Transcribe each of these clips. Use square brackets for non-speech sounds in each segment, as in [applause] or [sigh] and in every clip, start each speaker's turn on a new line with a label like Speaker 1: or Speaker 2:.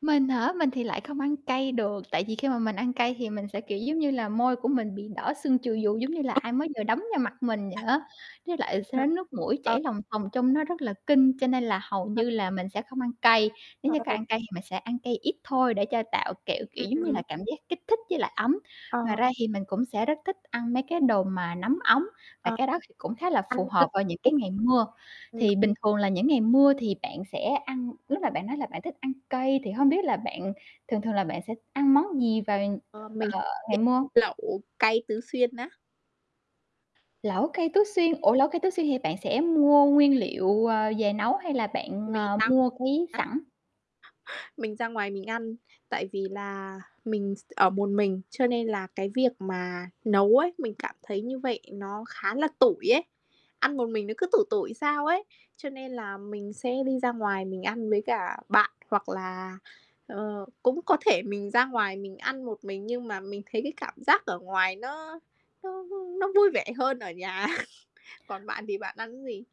Speaker 1: Mình hả? Mình thì lại không ăn cay được, tại vì khi mà mình ăn cay thì mình sẽ, kiểu, giống như là, môi của mình bị đỏ sưng chù vù giống như là ai mới vừa đấm vào mặt mình vậy
Speaker 2: À.
Speaker 1: á, với lại
Speaker 2: Ờ.
Speaker 1: sẽ nước mũi
Speaker 2: Ờ.
Speaker 1: chảy lòng thòng trông nó rất là kinh, cho nên là hầu
Speaker 2: [unintelligible]
Speaker 1: như là mình sẽ không ăn cay. Nếu
Speaker 2: Ừ,
Speaker 1: như
Speaker 2: ừ,
Speaker 1: có
Speaker 2: ừ.
Speaker 1: ăn cay thì mình sẽ ăn cay ít thôi để cho tạo, kiểu kiểu,
Speaker 2: Ừm,
Speaker 1: giống như là,
Speaker 2: ừm.
Speaker 1: cảm giác kích thích với lại ấm. Ngoài
Speaker 2: Ờ.
Speaker 1: ra thì mình cũng sẽ rất thích ăn mấy cái đồ mà nóng ấm và
Speaker 2: Ờ.
Speaker 1: cái đó thì cũng khá là phù
Speaker 2: Ăn
Speaker 1: hợp vào những cái
Speaker 2: [unintelligible]
Speaker 1: ngày mưa.
Speaker 2: ừm.
Speaker 1: Thì bình thường là những ngày mưa thì bạn sẽ ăn lúc mà bạn nói là bạn thích ăn cay, thì hông biết là bạn thường thường là bạn sẽ ăn món gì vào,
Speaker 2: Ờ, mình
Speaker 1: ờ, ngày
Speaker 2: [unintelligible]
Speaker 1: mưa?
Speaker 2: Lẩu cay Tứ Xuyên á.
Speaker 1: Lẩu cay Tứ Xuyên, ủa, Lẩu cay Tứ Xuyên thì bạn sẽ mua nguyên liệu, ờ, về nấu hay là bạn,
Speaker 2: Mình
Speaker 1: ờ, mua quý
Speaker 2: [unintelligible]
Speaker 1: sẵn?
Speaker 2: Mình ra ngoài mình ăn, tại vì là mình s t ở một mình, cho nên là cái việc mà nấu ấy, mình cảm thấy như vậy nó khá là tủi ấy, ăn một mình nó cứ tủi tủi sao ấy, cho nên là mình sẽ đi ra ngoài mình ăn với cả bạn hoặc là, ờ, cũng có thể mình ra ngoài mình ăn một mình. Nhưng mà mình thấy cái cảm giác ở ngoài nó nó nó nó vui vẻ hơn ở nhà. [chuckles] Còn bạn thì bạn ăn gì?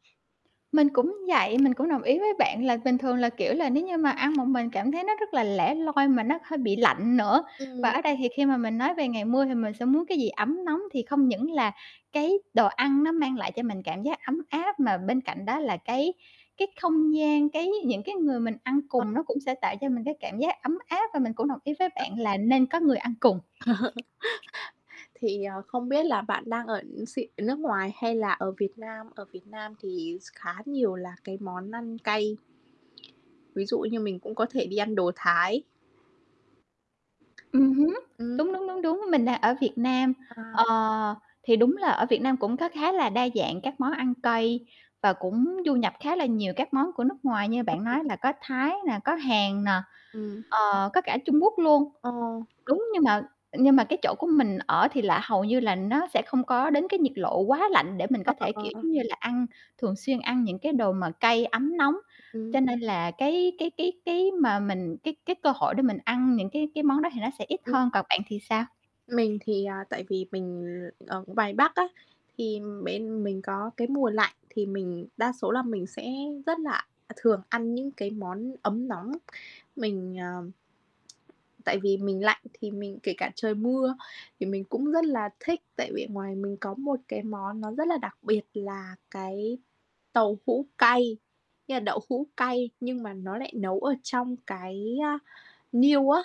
Speaker 1: Mình cũng vậy, mình cũng đồng ý với bạn là bình thường là, kiểu là, nếu như mà ăn một mình cảm thấy nó rất là lẻ loi mà nó hơi bị lạnh nữa. Và
Speaker 2: Ừm.
Speaker 1: ở đây thì khi mà mình nói về ngày mưa thì mình sẽ muốn cái gì ấm nóng, thì không những là cái đồ ăn nó mang lại cho mình cảm giác ấm áp mà bên cạnh đó là cái cái không gian, cái những cái người mình ăn
Speaker 2: Ờ.
Speaker 1: cùng nó cũng sẽ tạo cho mình cái cảm giác ấm áp và mình cũng đồng ý với
Speaker 2: [unintelligible]
Speaker 1: bạn là nên có người ăn cùng.
Speaker 2: [chuckles] Thì, ờ, không biết là bạn đang ở x nước ngoài hay là ở Việt Nam, ở Việt Nam thì s khá nhiều là cái món ăn cay ví dụ như mình cũng có thể đi ăn đồ Thái.
Speaker 1: Ừm hứm,
Speaker 2: Ừm.
Speaker 1: đúng, đúng, đúng, đúng, mình đang ở Việt Nam,
Speaker 2: À.
Speaker 1: ờ, thì đúng là ở Việt Nam cũng có khá là đa dạng các món ăn cay và cũng du nhập khá là nhiều các món của nước ngoài như
Speaker 2: Ừm,
Speaker 1: bạn
Speaker 2: ừm.
Speaker 1: nói là có Thái nè, có Hàn nè,
Speaker 2: Ừm.
Speaker 1: ờ, có cả Trung Quốc luôn.
Speaker 2: Ồ.
Speaker 1: Đúng, nhưng mà nhưng mà cái chỗ của mình ở thì là hầu như là nó sẽ không có đến cái nhiệt lộ quá lạnh để mình
Speaker 2: Ờ,
Speaker 1: có
Speaker 2: ờ,
Speaker 1: thể,
Speaker 2: ờ,
Speaker 1: kiểu,
Speaker 2: ờ.
Speaker 1: giống như là, ăn thường xuyên ăn những cái đồ mà cay ấm nóng.
Speaker 2: Ừm.
Speaker 1: Cho nên là cái cái cái cái mà mình cái cái cơ hội để mình ăn những cái cái món đó thì nó sẽ ít
Speaker 2: Ừm.
Speaker 1: hơn, còn bạn thì sao?
Speaker 2: Mình thì, à, tại vì mình l ở ngoài Bắc á, thì bên mình có cái mùa lạnh thì mình đa số là mình sẽ rất là, à, thường ăn những cái món ấm nóng, mình, ờ tại vì mình lạnh thì mình kể cả trời mưa thì mình cũng rất là thích, tại vì ngoài mình có một cái món nó rất là đặc biệt là cái tàu hũ cay, nghĩa là đậu hũ cay nhưng mà nó lại nấu ở trong cái, a, niêu á.